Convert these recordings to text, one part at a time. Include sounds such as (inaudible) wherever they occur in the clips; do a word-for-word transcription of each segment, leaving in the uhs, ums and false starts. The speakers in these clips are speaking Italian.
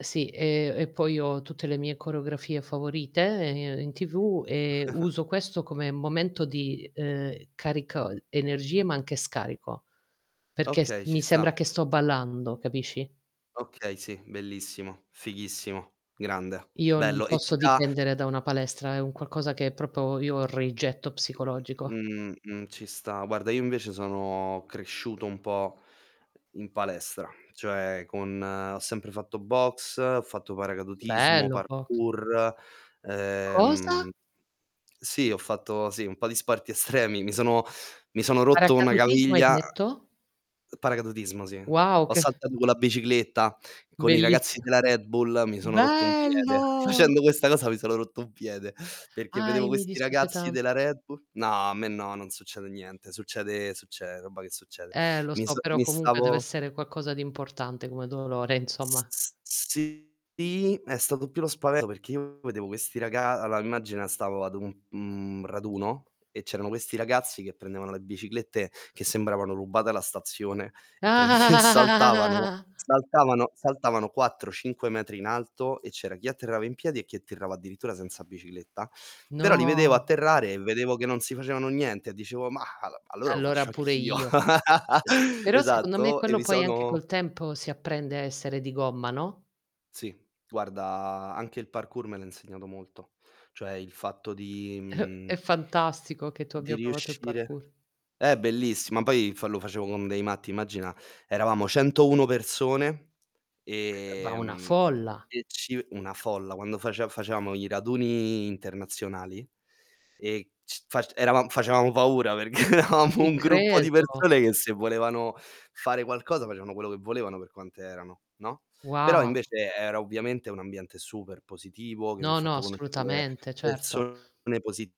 Sì, e e poi ho tutte le mie coreografie favorite, ehm, in TV, e (chuckles) uso questo come momento di, uhm, carico energie ma anche scarico perché s Okay, ci mi sta. sembra che sto ballando, capisci? Okay sì, bellissimo, fighissimo, grande, Io non bello. E posso ti dà dipendere da una palestra, è un qualcosa che propo io ho rigetto M psicologico. m m mh, mh, ci sta. Guarda, io invece sono cresciuto un po' in palestra, cioè con ho sempre fatto boxe, ho fatto paracadutismo, Bello boxe. parkour. Cosa? Ehm sì, ho fatto, sì, un po' di sporti estremi. Mi sono mi sono rotto una Paracadutismo hai gaviglia detto? paracadutismo, sì. Wow, Ho che saltato con la bicicletta con i ragazzi bellissio. della Red Bull, mi sono rotto un piede. Bello! Facendo questa cosa mi sono rotto un piede, perché vedevo Ahi, mi questi dispiace ragazzi tant della Red Bull No, a me no, non succede niente, succede succede roba che succede. Eh lo Mi so, so però mi comunque stavo dev'essere quaccosa di importante come dolore S insomma. s s sì, è stato più lo spaveto, perché io vedevo questi raga allora immagina, stavo ad un, mhmm, raduno e c'erano questi ragazzi che prendevano le biciclette, che sembravano rubate alla stazione e prend e saltavano, (chuckles) saltavano, saltavano quattro cinque metri in alto e c'era chi atterrava in piedi, e chi atterrava addirittura senza bicicletta. Però li vedevo No. atterrare e vedevo che non si facevano niente e dicevo: "Mah, a allora lo Allora faccio pure anch'io." io. (laughs) Uh però secondo me Esatto, e quello mi poi anche sono col tempo si apprende a essere di gomma, no? Sì, guarda, anche il parkour me l'ha insegnato molto. Cioè il fatto di (chuckles) mhmm È fantastico, che tu di abbia provato il riuscire parkour. Eh, bellissi ma poi f lo facevo con dei matti, immagina. Eravamo centouno persone, Va una ehm, folla! e ci una folla. Quando face facevamo i raduni internazionali e c fac eravam facevamo paura perché eravamo Ci un gruppo di credo. persone che se volevano fare qualcosa, facevano quello che volevano per quante erano, no. Wo Però invece era ovviamente un ambiente super positivo, che mi ha No, no, fatto conoscere assolutamente, certo. persone positive,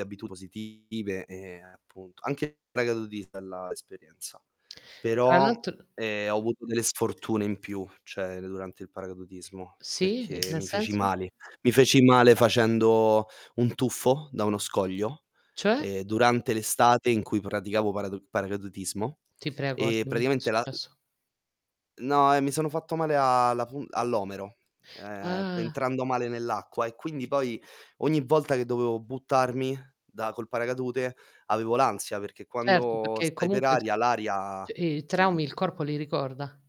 abitudini positive e appunto anche il paracadutismo è bella esperienza. Tra Però, l'alt ehm, ho avuto delle sfortune in più, cioè d durante il paracadutismo, Sì, i perché nel mi feci senso? male. Mi feci male facendo un tuffo da uno scoglio, Cioè? ehm, durante l'estate in cui praticavo paradu paracadutismo. Ti prego E dimmi che è praticamente la, uhm successo. No, e mi sono fatto male a la pu all'omero, ehm, p Ah. entrando male nell'acqua, e quindi poi ogni volta che dovevo buttarmi da col paracadute avevo l'ansia, perché Certo, quando pecché stai per comunque aria, t l'aria i ti traumi il corpo li ricorda.